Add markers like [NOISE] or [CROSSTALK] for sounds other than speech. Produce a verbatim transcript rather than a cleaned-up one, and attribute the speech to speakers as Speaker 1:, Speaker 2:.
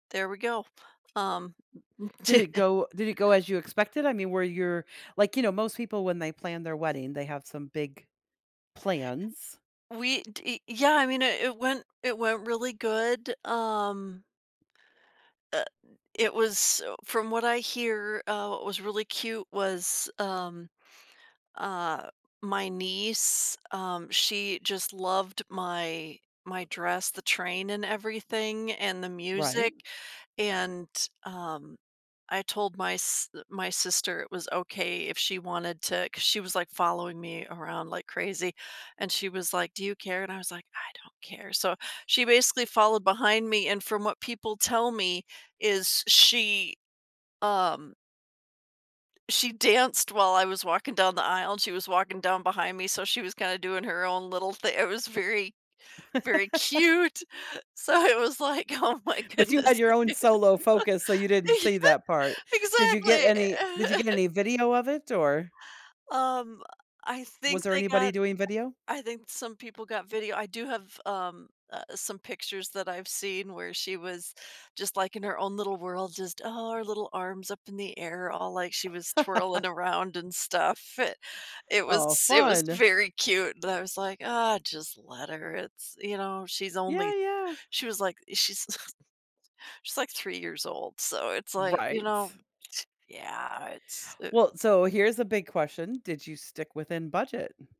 Speaker 1: There we go. Um, mm
Speaker 2: Did it
Speaker 1: [CHUCKLES]
Speaker 2: go Did it go as you expected? I mean, were your like, you know, most people when they plan their wedding, they have some big plans.
Speaker 1: We d Yeah, I mean, i it went it went really good, um uh, it was, uh, from what I hear, uh, what was really cute was, um, uh, my niece, um, she just loved my my dress, the train and everything, and the
Speaker 2: Right.
Speaker 1: music, and, um, I told my s uh, my sister it was okay if she wanted to 'cause she was like following me around like crazy, and she was like, "Do you care?" and I was like, "I don't care," so, she basically followed behind me, and from what people tell me is she, um she danced while I was walking down the aisle, and she was walking down behind me, so she was kind of doing her own little thi it was very very
Speaker 2: [LAUGHS]
Speaker 1: cute. So, it was like, "Oh my
Speaker 2: But you
Speaker 1: goodness."
Speaker 2: had your own solo focus, so you
Speaker 1: [LAUGHS]
Speaker 2: didn't see
Speaker 1: Uh-huh,
Speaker 2: that part. Did you get
Speaker 1: exactly.
Speaker 2: any Did you get
Speaker 1: [CHUCKLES]
Speaker 2: any video of it, or
Speaker 1: Um, I
Speaker 2: was
Speaker 1: think
Speaker 2: there
Speaker 1: they
Speaker 2: anybody
Speaker 1: got
Speaker 2: doing video?
Speaker 1: I think some people got video, I do have, um, uh, some pictures that I've seen where she was just, like, in her own little world, just Oh, her little arms up in the air, all like she was twirling
Speaker 2: [LAUGHS]
Speaker 1: around and stuff, [CHUCKLES] it was
Speaker 2: Oh,
Speaker 1: it was
Speaker 2: fun.
Speaker 1: very cute, but I was like, "Ah, just let her," it's, you know, she's
Speaker 2: Yeah,
Speaker 1: only
Speaker 2: yeah.
Speaker 1: She's, like she's [CHUCKLES] she's, like, three years old, so it's like, you
Speaker 2: Right.
Speaker 1: know [SCOFFS] Yeah, it's it
Speaker 2: Well, so here's a big question, did you stick within budget?